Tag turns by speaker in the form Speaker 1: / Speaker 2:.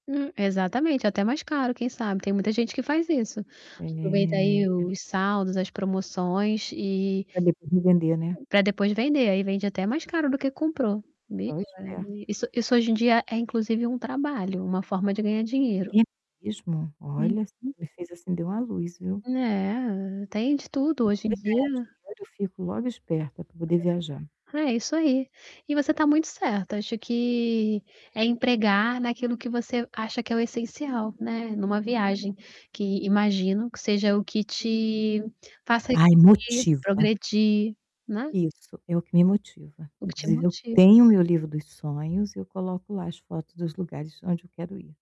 Speaker 1: Hum, exatamente, até mais caro, quem sabe, tem muita gente que faz isso. Aproveita aí
Speaker 2: Eh
Speaker 1: os saldos, as promoções e
Speaker 2: Pra depois ir vender, né.
Speaker 1: pra depois vender, aí vende até mais caro do que comprou,
Speaker 2: São
Speaker 1: [unintelligible]
Speaker 2: espertos,
Speaker 1: isso
Speaker 2: viu.
Speaker 1: isso hoje em dia é, inclusive, um trabalho, uma forma de ganhar dinheiro.
Speaker 2: É mesmo? Olha,
Speaker 1: Uhum.
Speaker 2: me fez acender uma luz, viu?
Speaker 1: Né, tem de tudo hoje em dia.
Speaker 2: [unintelligible] Eu fico logo esperta pra poder
Speaker 1: [unintelligible]
Speaker 2: viajar.
Speaker 1: É isso aí. E você está muito certa, acho que é empregar naquilo que você acha que é o essencial, né, numa viagem, que imagino que seja o que te faça
Speaker 2: Ai,
Speaker 1: [unintelligible]
Speaker 2: motiva.
Speaker 1: progredir, né?
Speaker 2: Isso, é o que me motiva.
Speaker 1: O que te
Speaker 2: Inclusive eu
Speaker 1: motiva.
Speaker 2: tenho o meu livro dos sonhos, eu coloco lá as fotos dos lugares onde eu quero ir.